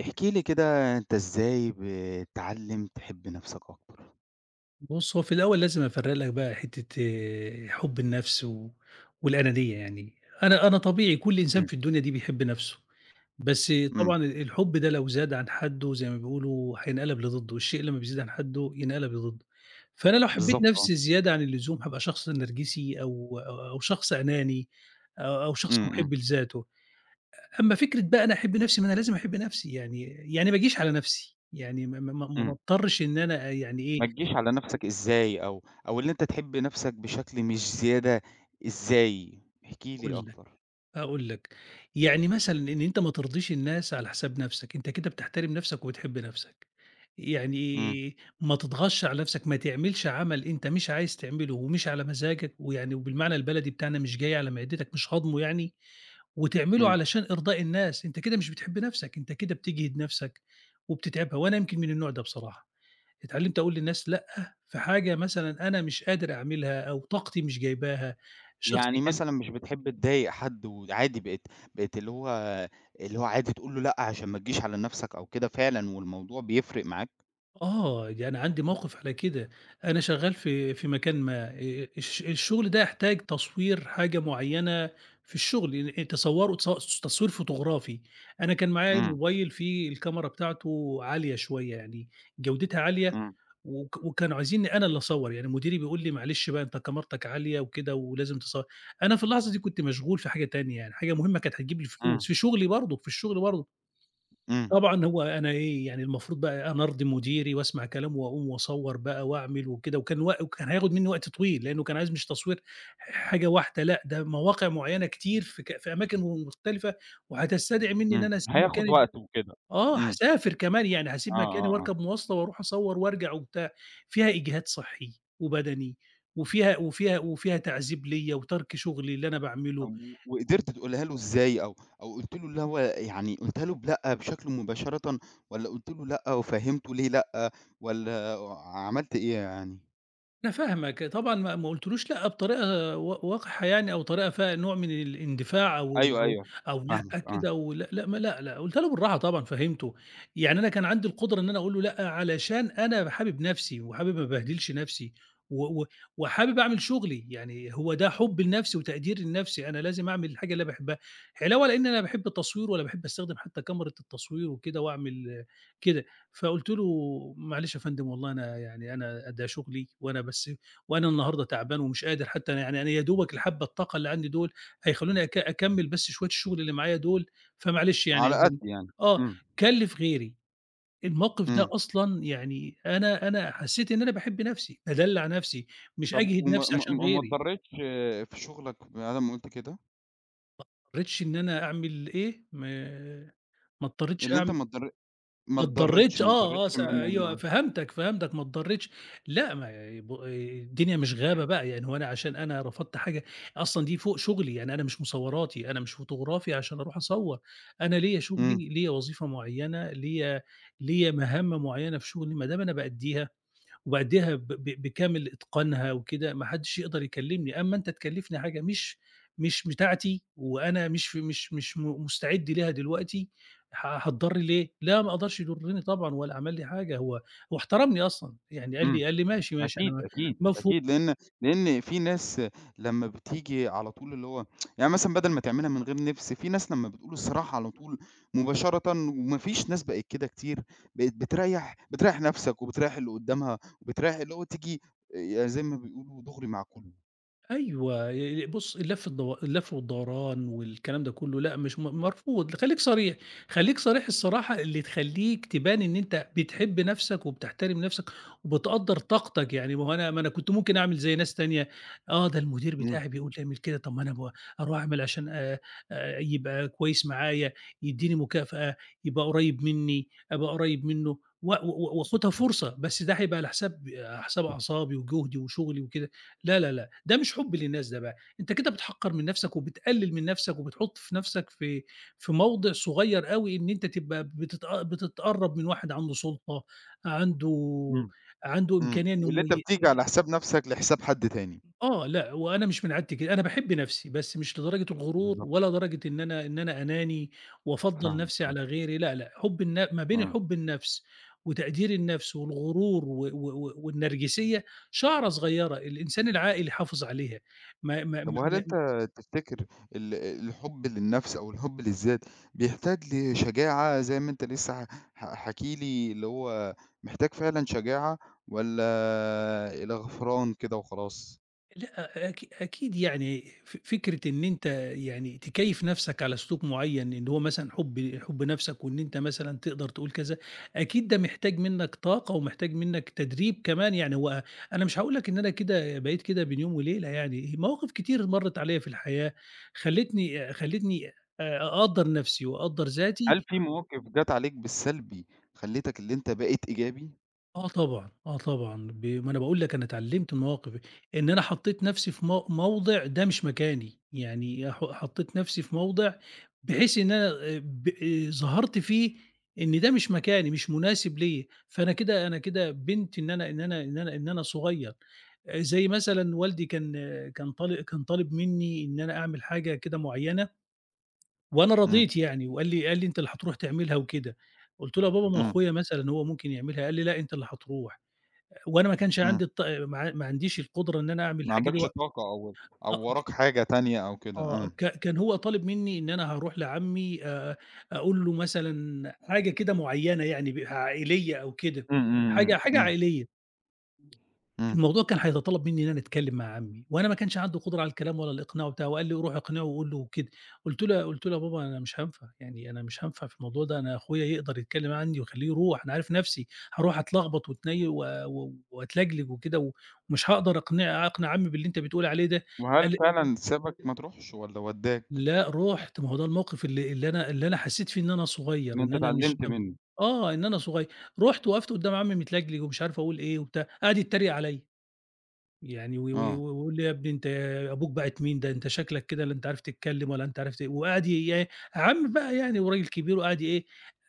احكِ لي كده أنت إزاي بتعلِّم تحب نَفْسك أكتر؟ بُصّ، هو في الأول لازم أفرّق لك بقى حتّة، حُب النَفْس و والأنانية يعني أنا أنا طبيعي كل إنسان إمم. في الدنيا دي بيحب نَفْسه، بس إمم. طبعًا ال الحُب ده لو زاد عن حدُّه زي ما بيقولوا هينقلب لضدُّه، "الشيء لمّا بيزيد عن حدُّه ينقلب لضدُّه." فأنا لو حبّيت بالضبط آه. نَفْسي زيادة عن اللزوم هابقى شخص نرجسي، أو أو أو شخص أناني أ أو شخص إمم. إمم. مُحِب لذاته، أ أمّا فكرة بقى أنا أحِب نَفْسي، ما أنا لازم أحِب نَفْسي، يعني يعني ما أجيش على نَفْسي، يعني ما ما ما ما إمم. أضطرّش إن أنا يعني إيه ما تجيش على نَفْسك إزاي، أو أو اللي أنت تحب نَفْسك بشكل مش زيادة إزاي؟ احكِ لي هاقول لك أكتر. أأقول لك، يعني مثلًا إن أنت ما ترضيش الناس على حساب نَفْسك أنت كده بتحترم نَفْسك وبتحب نَفْسك. إمم. يعني، ما تتغطش على نَفْسك، ما تعملش عمل أنت مش عايز تعمله ومش على مزاجك، ويعني وبالمعنى البلدي بتاعنا مش جاي على معدتك مش هاضمه يعني، وتعمله إمم. علشان إرضاء الناس، أنت كده مش بتحب نَفْسك أنت كده بتجهِد نَفْسك وبتتعبها وأنا يمكن من النوع ده بصراحة، اتعلِّمت أقول للناس لأ في حاجة مثلًا أنا مش قادر أعملها أو طاقتي مش جايباها، الشخص يعني ك مثلًا، مش بتحب تضايق حد وعادي بقيت بقيت اللي هو اللي هو عادي تقول له لأ، عشان ما تجيش على نَفْسك أو كده فعلًا والموضوع بيفرق معاك؟ آه، يعني عندي موقف على كده. أنا شغّال في في مكان ما آآ الش الشغل ده يحتاج تصوير حاجة معيّنة في الشغل، [unintelligible] تصوره تص تصوير فوتوغرافي أنا كان معايا إمم. mobile فيه الكاميرا بتاعته عالية شوية، يعني جودتها عالية إمم. وك وكانوا عايزني أنا اللي أصوّر، يعني مديري بيقول لي "معلش بقى أنت كاميرتك عالية وكده ولازم تصو" أنا في اللحظة دي كنت مشغول في حاجة تانية، يعني حاجة مهمة كانت هتجيب لي إمم. الفلوس في شغلي برضه، في الشغل برضه. إمم. طبعًا، هو أنا إيه يعني المفروض بقى أنا أرضيّ مديري وأسمع كلامه وأقوم وأصوّر بقى وأعمل وكده، وكان و وكان هياخد مني وقت طويل لأنه كان عايز مش تصوير حاجة واحدة، لأ، ده مواقع معيّنة كتير في ك في أماكن م مختلفة وهتستدعي مني إن إمم، أنا أسيب هياخد مكاني وقته وكده، آه، إمم. هاسافر كمان يعني آه، هاسيب مكاني آه، آه. واركب موّاصلة وأروح أصوّر وأرجع وبتاع، فيها إجهاد صحي وبدني وفيها وفيها وفيها تعذيب ليّا وترك شغلي اللي أنا باعمله. طب و وقدرت تقولها له إزاي أو أو قُلت له إن هو يعني قُلتها له بلأ بشكل مباشرةً، والّا قُلت له لأ وفهّمته ليه لأ، والّا عملت إيه يعني؟ أنا فاهمك طبعًا، ما ما قُلتش له لأ، بطريقة و وقحة يعني، أو طريقة فيها نوع من الإندفاع أو أيوه، [unintelligible] أيوه أو فاهمك لأ آه. كده و لأ، لأ ما لأ، لأ قُلتها له بالراحة طبعًا، فهّمته يعني أنا كان عندي القدرة إن أنا أقول له "لأ." علشان أنا حابب نَفْسي وحابب ما أبهدلش نَفْسي، و و وحابب أعمل شُغلي يعني هو ده حبي لنَفْسي وتقديري لنَفْسي أنا لازم أعمل الحاجة اللي باحبها، علاوة لإن أنا لا باحب التصوير ولا باحب أستخدم حتى كاميرة التصوير وكده وأعمل كده، فقُلت له: "معلش يا فندم والله أنا يعني أنا ده شُغلي وأنا بس وأنا النهارده تعبان ومش قادر حتى أنا يعني أنا يا دوبك الحبّة الطاقة اللي عندي دُول هيخلّوني أك أكمل بس شوية الشُغل اللي معايا دُول فمعلش يعني" على قدّ [unintelligible] يعني، آه، إمم. كلّف غيري الموقِف ده إمم. أصلًا يعني أنا أنا حسّيت إن أنا باحب نَفْسي، بادلّع نَفْسي، مش طَب أجهد وما نَفْسي ما عشان ما ما غيري. اتضريتش في شُغلك بعد امّا قُلت كده؟ ما اضطريتش إن أنا أعمل إيه؟ ما ما اضطريتش اللي أنت أعم ما اتضري ما اتضريش، اتضريتش! ما آه، آه اتضريتش س من أيوه ال فهمتك، فهمتك ما اتضريتش. لأ، ما بو الدنيا مش غابة بقى، يعني هو أنا عشان أنا رفضت حاجة أصلًا دي فوق شُغلي يعني أنا مش مصوراتي أنا مش فوتوغرافي عشان أروح أصوّر، أنا ليّا إمم. شُغلي ليّا وظيفة معيّنة ليّا ليّا مهام معيّنة في شُغلي ما دام أنا بأدّيها، وبأدّيها ب ب بكامل إتقانها وكده ما حدش يقدر يكلّمني، أمّا أنت تكلّفني حاجة مش مش بتاعتي وأنا مش ف مش مش م مستعد ليها دلوقتي، ه هاتضر ليه؟ لأ، ما أقدرش يضرّني طبعًا ولا عمل لي حاجة، هو هو احترمني أصلًا يعني قال إمم لي قال لي: "ماشي، ماشي أنا أكيد، م أكيد، مفهو" أكيد لإن لإن في ناس لمّا بتيجي على طول اللي هو يعني مثلًا بَدل ما تعملها من غير نِفْس في ناس لمّا بتقول الصراحة على طول مباشرةً، وما فيش ناس بقت كده كتير بقيت بتريّح، بتريّح نَفْسك وبتريّح اللي قدّامها وبتريّح اللي هو تيجي آآ يعني زي ما بيقولوا دُغري مع كلّه. أيوه ي ي بُصّ، اللف الدو اللف والدوران والكلام ده كلّه، لأ مش م مرفوض خليك صريح خليك صريح الصراحة اللي تخليك تبان إن أنت بتحب نفسك، وبتحترم نفسك وبتقدَّر طاقتك يعني ما هو أنا ما أنا كنت ممكن أعمل زي ناس تانية، آه، ده المدير إمم. بتاعي بيقول لي اعمل كده طَب ما أنا أب أرُوح أعمل عشان آآ، آآ، يبقى كويس معايا يدّيني مكافأة آآ، يبقى قريّب مني، أبقى قريّب منه و و وأخُدها فرصة، بس ده هيبقى على حساب على حساب أعصابي وجهدي وشغلي وكده، لا، لا، لا ده مش حب للناس ده بقى، أنت كده بتحقّر من نفسك وبتقلِّل من نفسك وبتحط في نفسك في في موضع صغير أوي، إن أنت تبقى بتت بتتقرّب من واحد عنده سُلطة عنده إمم، عنده إمم إمكانية إنه واللي أنت يم بتيجي على حساب نَفسَك لحساب حد تاني. آه، لأ وأنا مش من عادتي كده، أنا باحب نفسي، بس مش لدرجة الغرور، بالضبط. ولا درجة إن أنا إن أنا أناني وأفضّل فاهمك، نفسي آه. على غيري، لأ، لأ حب الن ما بين إمم. حب النفس وتقدير النفس والغرور و و و والنرجسية شَعرَة صغيرة، الإنسان العاقل يحافظ عليها ما ما طَب ما وهل أنت ما تفتكر ال الحب للنَفس أو الحب للذات، بيحتاج لشجاعة زي ما أنت لسه ح ح حاكي لي اللي هو محتاج فعلًا شجاعة، والَّا آآ، إلى غفران كده وخلاص؟ لأ، أكي أكيد يعني ف فكرة إن أنت يعني تكيّف نَفْسك على سلوك معيّن إن هو مثلًا حُب حُب نَفْسك وإن أنت مثلًا تقدَر تقول كذا، أكيد ده محتاج منك طاقة ومحتاج منك تدريب كمان، يعني هو أنا مش هاقول لك إن أنا كده بقيت كده بين يوم وليلة يعني، مواقف كتير مرِّت عليَّ في الحياة خلّتني خلّتني آآ أقدّر نَفْسي وأقدّر هل ذاتي في مواقِف جات عليك بالسلبي، خلّيتك اللي أنت بقيت إيجابي؟ آه طبعًا، آه طبعًا، ب ما أنا باقول لك أنا اتعلّمت المواقف إن أنا حطّيت نَفْسي في مو موضِع ده مش مكاني، يعني ح حطّيت نَفْسي في موضِع بحيث إن أنا آآ ب آآ ظهرت فيه إن ده مش مكاني، مش مناسب ليَّ فأنا كده، أنا كده بيّنت إن أنا إن أنا إن أنا إن أنا صغيّر. آآ زي مثلًا والدي كان، كان طال كان طالب منّي إن أنا أعمل حاجة كده معيّنة وأنا إمم. رضيت يعني وقال لي قال لي: "أنت اللي هترُوح تعملها." وكده، قُلت له: "يا بابا ما إمم. أخويا مثلًا هو ممكن يعملها." قال لي: "لأ، أنت اللي هترُوح." وأنا ما كانش إمم. عندي الط ما ع ما عنديش القُدرة إن أنا أعمل ما الحاجة دي عندكش وق طاقة أو أو أ ج وراك حاجة تانية أو كده، آه، إمم. ك كان هو طالب منّي إن أنا هارُوح لعمّي آآ أقول له مثلًا حاجة كده معيّنة يعني ب عائلية أو كده، إمم، إمم، حاجة إمم، حاجة إمم. عائلية. إمم. الموضوع كان هيتطلّب منّي إن أنا أتكلّم مع عمّي وأنا ما كانش عندي قُدرة على الكلام ولا الإقناع وبتاع وقال لي: "روح اقنعه وقُل له وكده." قُلت له يا قلُت له: "يا بابا أنا مش هانفع، يعني أنا مش هانفع في الموضوع ده، أنا أخويا يقدَر يتكلّم عنّي وخلّيه يرُوح أنا عارف نَفْسي هارُوح أتلخبط وأتني و وأتلجلِج وكده ومش هاقدَر أقنع أقنع عمّي باللي أنت بتقول عليه ده." قال وهل لي فعلًا سابك ما ترُوحش والّا ودّاك؟ لأ رُحت، ما هو ده الموقِف اللي اللي أنا اللي أنا حسّيت فيه إن أنا إن صغيّر، إن أنت أنا مش تعلّمت [unintelligible] منُّه. آه إن أنا صغيّر، رُحت وقَفت قُدّام عمّي متلجلِج ومش عارف أقول إيه وبتاع، قعَد يتّريق عليَّ، يعني و و آه. ويقول لي: "يا ابني أنت أبوك باعت مين، ده أنت شكلك كده لا أنت عارف تتكلّم ولا أنت عارف ت" وقعَد ي إيه، عمّي بقى يعني وراجل كبير وقعَد ي إيه،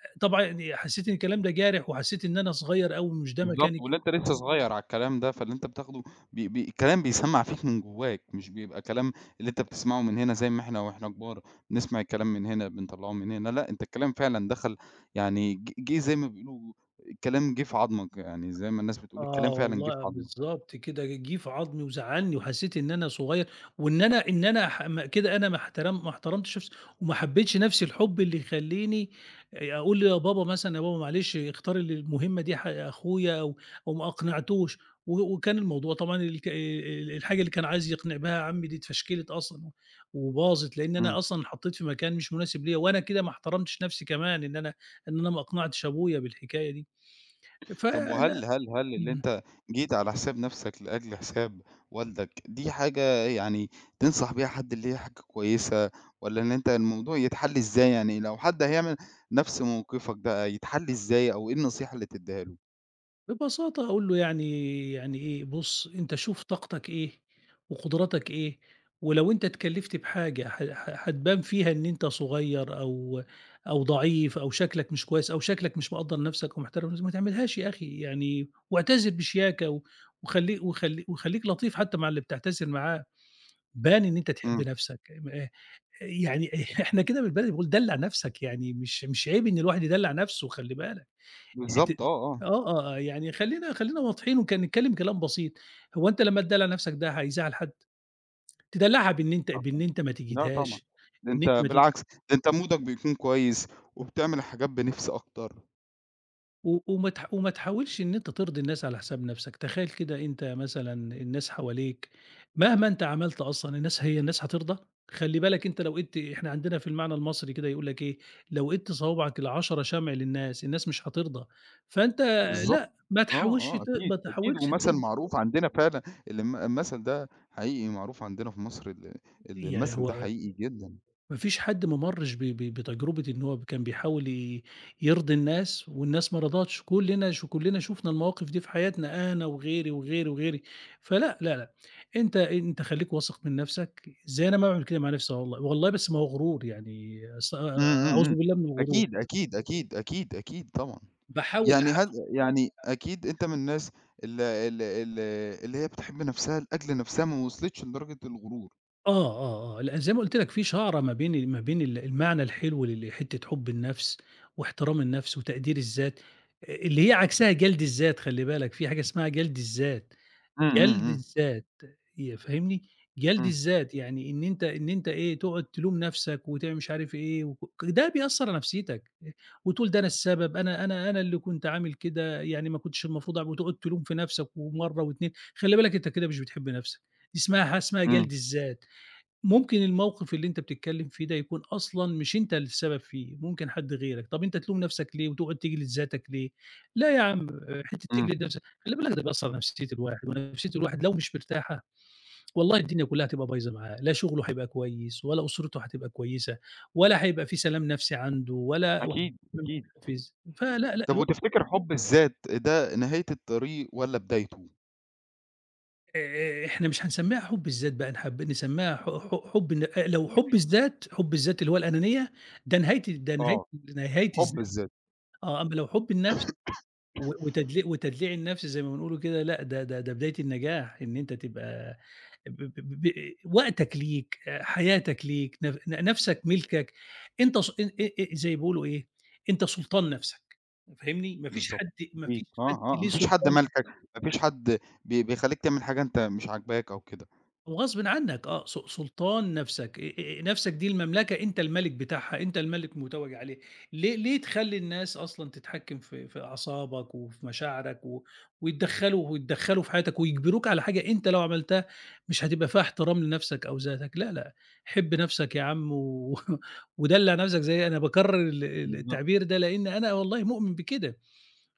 آآ طبعًا يعني حسّيت إن الكلام ده جارح وحسّيت إن أنا صغيّر أوي ومش ده مكاني بالضبط، واللي ك أنت لسه صغيّر عالكلام ده فاللي أنت بتاخده ب ب كلام بيسمّع فيك من جوّاك، مش بيبقى كلام اللي أنت بتسمَعه من هنا زي ما إحنا وإحنا كبار بنسمَع الكلام من هنا بنطلّعه من هنا، لأ أنت الكلام فعلًا دخَل يعني ج جِه زي ما بيقولوا كلام جِه في عضمك يعني زي ما الناس بتقول، آه الكلام فعلًا جِه في والله عضمك. بالضبط كده، جِه في عضمي وزعّلني وحسّيت إن أنا صغيّر وإن أنا إن أنا ح م كده أنا ما احترم ما احترمتش نَفْسي وما حبّيتش نَفْس الحُب اللي يخلّيني آآ أقول "يا بابا مثلًا، يا بابا معلش اختار ال المهمّة دي ح أخويا." أو أو ما أقنعتوش و وكان الموضوع طبعًا الك ال الحاجة اللي كان عايز يقنِع بها عمّي دي اتفشكلِت أصلًا و وباظت لإن إمم. أنا أصلًا اتحطّيت في مكان مش مناسب ليَّ وأنا كده ما احترمتش نَفْسي، كمان إن أنا إن أنا ما أقنعتش أبويا بالحكاية دي، طَب فلأ، وهل هل هل اللي إمم. أنت جيت على حساب نَفْسك لأجل حساب والدك دي حاجة يعني تنصح بيها حد، اللي هي حاجة كويسة والّا إن أنت الموضوع يتحلّ إزاي، يعني لو حد هيعمل نَفْس موقِفك بقى يتحلّ إزاي أو إيه النصيحة اللي تديها له؟ ببساطة هاقول له يعني يعني إيه بُص أنت شوف طاقتك إيه، وقدراتك إيه ولو أنت اتكلفت بحاجة ح ح هتبان فيها إن أنت صغير أو أو ضعيف أو شكلك مش كويس أو شكلك مش مقدّر نفسك ومحترم نفسك، ما تعملهاش يا أخي يعني واعتذر بشياكة وخلي وخليك وخليك لطيف حتى مع اللي بتعتذر معاه، بان إن أنت تحب إمم. نفسك آآ يعني إح إحنا كده بالبلدي بنقول دلّع نفسك يعني مش مش عيب إن الواحد يدلّع نفسه وخلّي بالك. أنت بالضبط آه آه. آه آه آه يعني خلينا خلينا واضحين وك نتكلم كلام بسيط، هو أنت لما تدلّع نفسك ده هيزعّل حد؟ تدلّعها بإن أنت لا بإن طبعًا أنت ما لا طبعًا تجهدهاش ده إن أنت أنت ما تج بالعكس، ده أنت مودك بيكون كويس وبتعمل حاجات بنِفس أكتر. و وما تحاو وما تحاولش إن أنت ترضي الناس على حساب نفسك، تخيل كده أنت مثلًا الناس حواليك مهما أنت عملت أصلًا الناس هي الناس هترضى، خلّي بالك أنت لو ايدْت إحنا عندنا في المعنى المصري كده يقول لك إيه، لو ايدْت صوابعك ال10 شمع للناس، الناس مش هترضى، فأنت بالضبط، لأ ما آه تحاولش آه ت أكيد ما أكيد تحاولش ومثل ترضى معروف عندنا فعلًا ال المثل ده حقيقي معروف عندنا في مصر ال يعني المثل ده هو حقيقي جدًا. ما فيش حد ما مرّش ب ب بتجربة إنه هو كان بيحاول ي يرضي الناس والناس ما رضتش، كلنا ش كلنا شُفنا المواقف دي في حياتنا أنا وغيري وغيري وغيري، فلأ لأ أنت أنت خليك واثق من نفسك زي أنا ما باعمل كده مع نفسي والله والله بس ما هو غرور يعني أست إمم، آآ إمم، إمم، أعوذ بالله من الغرور. أكيد، أكيد، أكيد، أكيد، أكيد طبعًا باحاول يعني أح هل يعني أكيد أنت من الناس ال ال ال اللي هي بتحب نفسها لأجل نفسها ما وصلتش لدرجة الغرور. آه، آه، آه، لأ، زي ما قُلت لك في شعرة ما بين ما بين ال المعنى الحلو ل لحتة حُب النَفْس واحترام النَفْس وتقدير الذات آآ اللي هي عكسها جَلْد الذات خلّي بالك في حاجة اسمها جَلْد الذات، إمم، إمم، جَلْد إمم. الذات يأ فاهمني، جَلْد إمم. الذات يعني إن أنت إن أنت إيه تقعد تلوم نَفْسك وتعم مش عارف إيه وك ده بيأثّر على نَفْسيتك آآ وتقول ده أنا السبب، أنا أنا أنا اللي كنت عامل كده يعني ما كنتش المفروض أع وتقعد تلوم في نَفْسك ومرّة و2، خلّي بالك أنت كده مش بتحب نَفْسـك دي اسمها حاجة اسمها إمم. جَلْد الذات، ممكن الموقِف اللي أنت بتتكلِّم فيه ده يكون أصلًا مش أنت السبب فيه ممكن حد غيرك، طَب أنت تلوم نَفْسك ليه وتقعد تجلّد ذاتك ليه؟ لأ يا عم حتّة إمم. تجلد نَفْسك خلّي بالك ده بيأثّر على نفسية الواحد ونفسية الواحد لو مش مرتاحة والله الدنيا كُلّها هتبقى بايظة معاه لا شُغله هيبقى كويس ولا أُسرته هتبقى كويسة ولا هيبقى في سلام نَفْسي عنده ولا أكيد، [unintelligible] أكيد، فل، لأ، طَب ل وتفتكر حُب الذات ده نهاية الطريق والّا بدايته؟ آآ آآ إحنا مش هنسمّيها حُب الذات بقى نحب نسمّيها ح ح حُب ال لو حُب الذات، حُب الذات اللي هو الأنانية ده نهاية نهاية آه، نهاية الز حُب الذات. آه، أمّا لو حُب النَفْس و وتدلي وتدليع النَفْس زي ما بنقولوا كده لأ، ده ده ده بداية النجاح إن أنت تبقى ب ب ب ب آآ وقتك ليك، حياتك ليك ن ن نَفْسك مِلْكَك، أنت س ان آآ زي بيقولوا إيه، أنت سُلطان نَفْسك فاهمني، ما فيش بالضبط، حد ما فيش أكيد، حد آه، آه، ليه ما فيش حد سلطان ع مالكك، ما فيش حد بي بيخلّيك تعمل حاجة أنت مش عاجباك أو كده. وغصبٍ عنّك آه، س سلطان نَفْسك آآ آآ نَفْسك دي المملكة أنت المَلِك بتاعها، أنت المَلِك متوّج عليها ليه ليه تخلّي الناس أصلًا تتحكّم في في أعصابك وفي مشاعرك و ويتدخّلوا ويتدخّلوا في حياتك ويجبروك على حاجة أنت لو عملتها مش هتبقى فيها احترام لنَفْسك أو ذاتك لأ، لأ، حِب نَفْسك يا عم و ودلّع نَفْسك زي أنا باكرّر ال ال بالضبط. التعبير ده لإنّي أنا والله مؤمن بكده،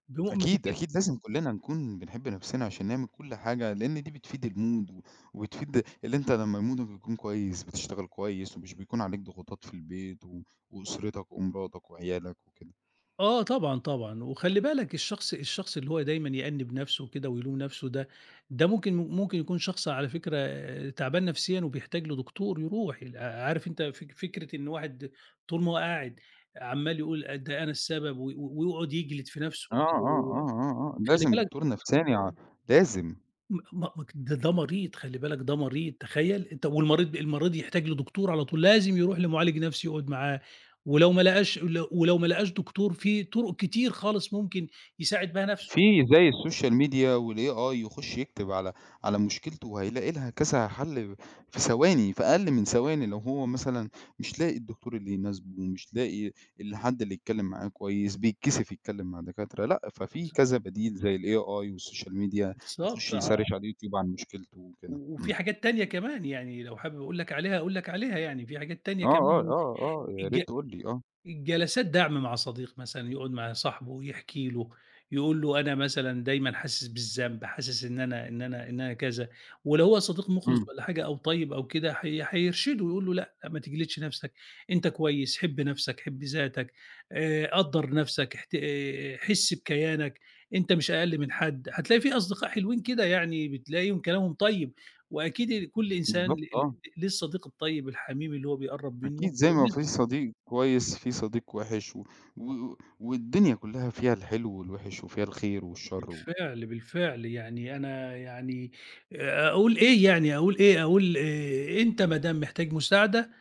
ب مؤمن أكيد، بكده. أكيد، لازم كُلّنا نكون بنحب نَفْسنا عشان نعمل كل حاجة لإن دي بتفيد المود و وبتفيد اللي أنت لمّا مودك بيكون كويس، بتشتغل كويس ومش بيكون عليك ضغوطات في البيت و وأسرتك ومراتك وعيالك وكده. آه طبعًا، طبعًا، وخلّي بالك الشخص الشخص اللي هو دايمًا يأنِب نَفْسه وكده ويلوم نَفْسه ده، ده ممكن ممكن يكون شخص على فكرة آآ تعبان نَفْسيًا وبيحتاج لدكتور يروح عارف أنت فك فكرة إن واحد طول ما هو قاعد عَمّال يقول آآ ده أنا السبب و ويقعد يجلد في نَفْسه آه، وكده آه، و و آه، آه، آه، خلّي لازم بالك دكتور نفساني ع لازم. م مك ده ده مريض خلّي بالك ده مريض، تخيّل؟ أنت والمريض المريض يحتاج لدكتور على طول لازم يروح لمعالج نَفْسي يقعد معاه ولو ما لقاش ولو ولو ما لقاش دكتور في طُرُق كتير خالص ممكن يساعد بها نَفْسه. في [unintelligible] زي الsocial media والAI يخُش يكتب على على مشكلته وهيلاقي لها كذا حَل في ثواني، في أقل من ثواني لو هو مثلًا مش لاقي الدكتور اللي يناسبه ومش لاقي الحد اللي يتكلِّم معاه كويس بيتكسف يتكلِّم مع دكاترة لأ، ففي بالض كذا بديل زي الAI والsocial media بالضبط، يخُش ع يsearch على الyoutube عن مشكلته وكده، و وفي إمم. حاجات تانية كمان يعني لو حابب أقول لك عليها أقول لك عليها يعني في حاجات تانية آه، آه، كمان آه، آه، يا الج ريت تقول لي، آه. الجلسات دَعْم مع صديق مثلًا يقعد مع صاحبه ويحكي له يقول له أنا مثلًا دايمًا حاسس بالذنب حاسس إن أنا إن أنا إن أنا كذا ولو هو صديق مُخلِص إمم. والّا حاجة أو طيب أو كده حي حيرشده يقول له لأ، ما تجلدش نَفْسك أنت كويس، حِب نَفْسك، حِب ذاتك، آآ قدر نَفْسك احت آآ حِس بكيانك، أنت مش أقل من حد هتلاقي في أصدقاء حلوين كده يعني بتلاقيهم كلامهم طيب وأكيد كل إنسان ل بالضبط ل آه. ليه الصديق الطيب الحميم اللي هو بيقرّب مّنه أكيد زي ما [unintelligible] في صديق كويس في صديق وِحِش و و والدنيا كُلّها فيها الحلو والوِحش وفيها الخير والشر و بالفعل، بالفعل، يعني أنا يعني آآ أقول إيه يعني، أقول إيه، أقول آآ أنت ما دام محتاج مساعدة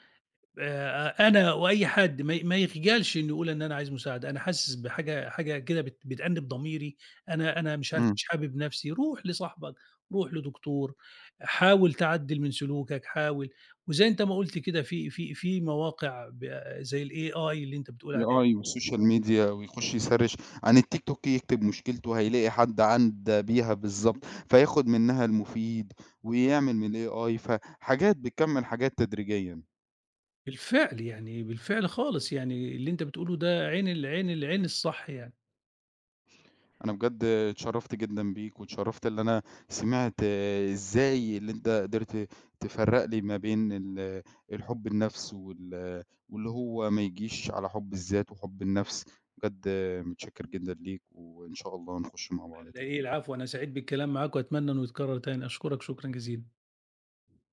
آآ أ أنا وأي حد ما ي ما يخجلش إنه يقول إن أنا عايز مساعدة، أنا حاسس بحاجة حاجة كده بت بتأنِّب ضميري، أنا أنا مش عارف إمم. مش حابب نَفْسي روح لصاحبك، روح لدكتور، حاول تعدل من سلوكك حاول وزي أنت ما قُلت كده في في في مواقع ب زي الAI اللي أنت بتقول عليها AI دي. والsocial media ويخُش يsearch عن الtiktok يكتب مشكلته وهيلاقي حد عدّا بيها بالضبط، فياخد منّها المفيد ويعمل من الAI، فحاجات بتكمِّل حاجات تدريجيًا. بالفعل، يعني بالفعل خالص يعني اللي أنت بتقول له ده عين ال عين ال عين الصح يعني. أنا بجد اتشرّفت جدًا بيك واتشرّفت اللي أنا سمعت إزاي اللي أنت قدرت تفرّق لي ما بين ال الحُب النَفْس وال واللي هو ما يجيش على حُب الذات وحُب النَفْس، بجد متشكر جدًا ليك وإن شاء الله نخُش مع بعض على تاني. إيه؟ العفو أنا سعيد بالكلام معاك وأتمنى إنه يتكرّر تاني، أشكرك شكرًا جزيلًا.